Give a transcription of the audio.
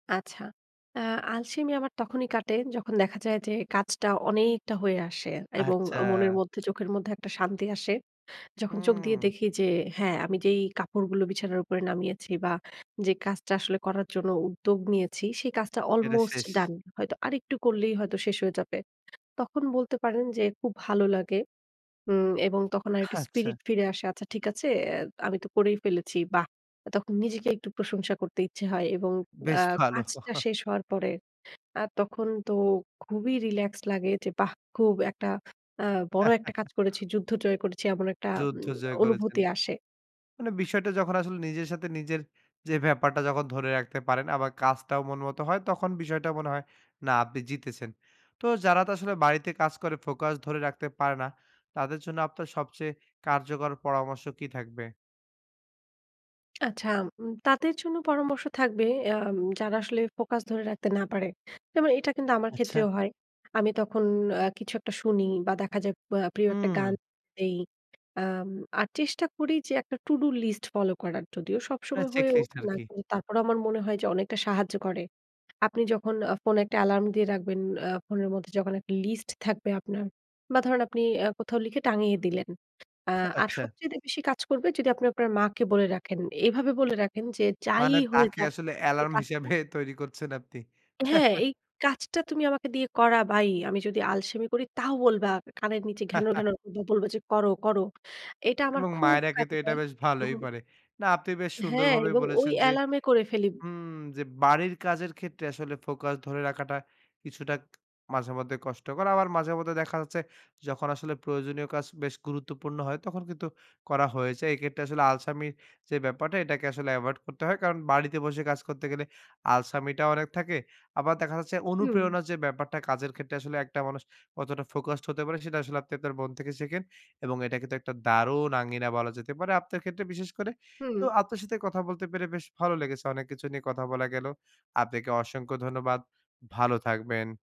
আচ্ছা। আ আলসেমি আমার তখনই কাটে যখন দেখা যায় যে কাজটা অনেকটা হয়ে আসে এবং আচ্ছা। মনের মধ্যে চোখের মধ্যে একটা শান্তি আসে। যখন চোখ দিয়ে হু। দেখি যে হ্যাঁ আমি যেই কাপড়গুলো বিছানার উপরে নামিয়েছি বা যে কাজটা আসলে করার জন্য উদ্যোগ নিয়েছি সেই কাজটা এটা আলমোস্ট শেষ। ডান হয়তো আরেকটু করলেই হয়তো শেষ হয়ে যাবে। তখন বলতে পারেন যে খুব ভালো লাগে। উম এবং তখন আরেকটু আচ্ছা। স্পিরিট ফিরে আসে। আচ্ছা ঠিক আছে, এ আমি তো করেই ফেলেছি। বাহ! তখন নিজেকে একটু প্রশংসা করতে ইচ্ছে হয় এবং বেশ আ ভালো। কাজটা শেষ হওয়ার পরে আ তখন তো খুবই রিল্যাক্স লাগে যে বাহ! খুব একটা আ বড় একটা কাজ করেছি, যুদ্ধ জয় করেছি। এমন একটা উ যুদ্ধ জয় করেছেন। অনুভূতি আসে। মানে বিষয়টা যখন আসলে নিজের সাথে নিজের যে ব্যাপারটা যখন ধরে রাখতে পারেন আবার কাজটাও মন মত হয় তখন বিষয়টাও মনে হয় না আপনি জিতেছেন। তো যারা তো আসলে বাড়িতে কাজ করে ফোকাস ধরে রাখতে পারে না তাদের জন্য আপনার সবচেয়ে কার্যকর পরামর্শ কি থাকবে? আচ্ছা। উম তাদের জন্য পরামর্শ থাকবে অ্যা যারা আসলে ফোকাস ধরে রাখতে না পারে। যেমন এটা কিন্তু আমার আচ্ছা। ক্ষেত্রেও হয়। আমি তখন আ কিছু একটা শুনি বা দেখা যায় প প্রিয় একটা গান হু। দেই। আম আর চেষ্টা করি যে একটা টু ডু লিস্ট ফলো করার যদিও এ সবসময় হয়ে চেকলিস্ট ওঠে আর না। কি। তারপরেও আমার মনে হয় যে অনেকটা সাহায্য করে। আপনি যখন আ ফোনে একটা এলার্ম দিয়ে রাখবেন, আ ফোনের মধ্যে যখন একটা লিস্ট থাকবে আপনার বা ধরেন আপনি আ কোথাও লিখে টাঙিয়ে দিলেন। আ আর আচ্ছা। সবচাইতে বেশি কাজ করবে যদি আপনি আপনার মাকে বলে রাখেন। এভাবে বলে রাখেন যে যাই মানে হয়ে তাকে যাক আসলে এই এলার্ম কাজটা হিসেবে তৈরী করছেন আপনি। হ্যাঁ, "এই কাজটা তুমি আমাকে দিয়ে করাবাই। আমি যদি আলসেমি করি তাও বলবা। কানের নিচে ঘ্যানর, ঘ্যানর করবা বলবা যে করো, করো।" এটা আমার এবং খুব মায়েরা কিন্তু কাজে তো এটা দেয়। বেশ হু। ভালোই পারে। না আপনি বেশ হ্যাঁ, সুন্দরভাবে এবং ওই বলেছেন যে অ্যালার্ম এ করে ফেলি। হু যে বাড়ির কাজের ক্ষেত্রে আসলে ফোকাস ধরে রাখাটা কিছুটা মাঝেমধ্যে কষ্টকর আবার মাঝে মধ্যে দেখা যাচ্ছে যখন আসলে প্রয়োজনীয় কাজ বেশ গুরুত্বপূর্ণ হয় তখন কিন্তু করা হয়েছে এক্ষেত্রে আসলে আলসামি যে ব্যাপারটা এটাকে আসলে এভয়েড করতে হয় কারণ বাড়িতে বসে কাজ করতে গেলে আলসামিটা অনেক থাকে। আবার দেখা যাচ্ছে হু। অনুপ্রেরণা যে ব্যাপারটা কাজের ক্ষেত্রে আসলে একটা মানুষ কতটা ফোকাসড হতে পারে সেটা আসলে আপনি আপনার মন থেকে শেখেন। এবং এটাকে তো একটা দারুণ আঙ্গিনা বলা যেতে পারে আপনার ক্ষেত্রে বিশেষ করে। তো হু। আপনার সাথে কথা বলতে পেরে বেশ ভালো লেগেছে। অনেক কিছু নিয়ে কথা বলা গেলো। আপনাকে অসংখ্য ধন্যবাদ। ভালো থাকবেন।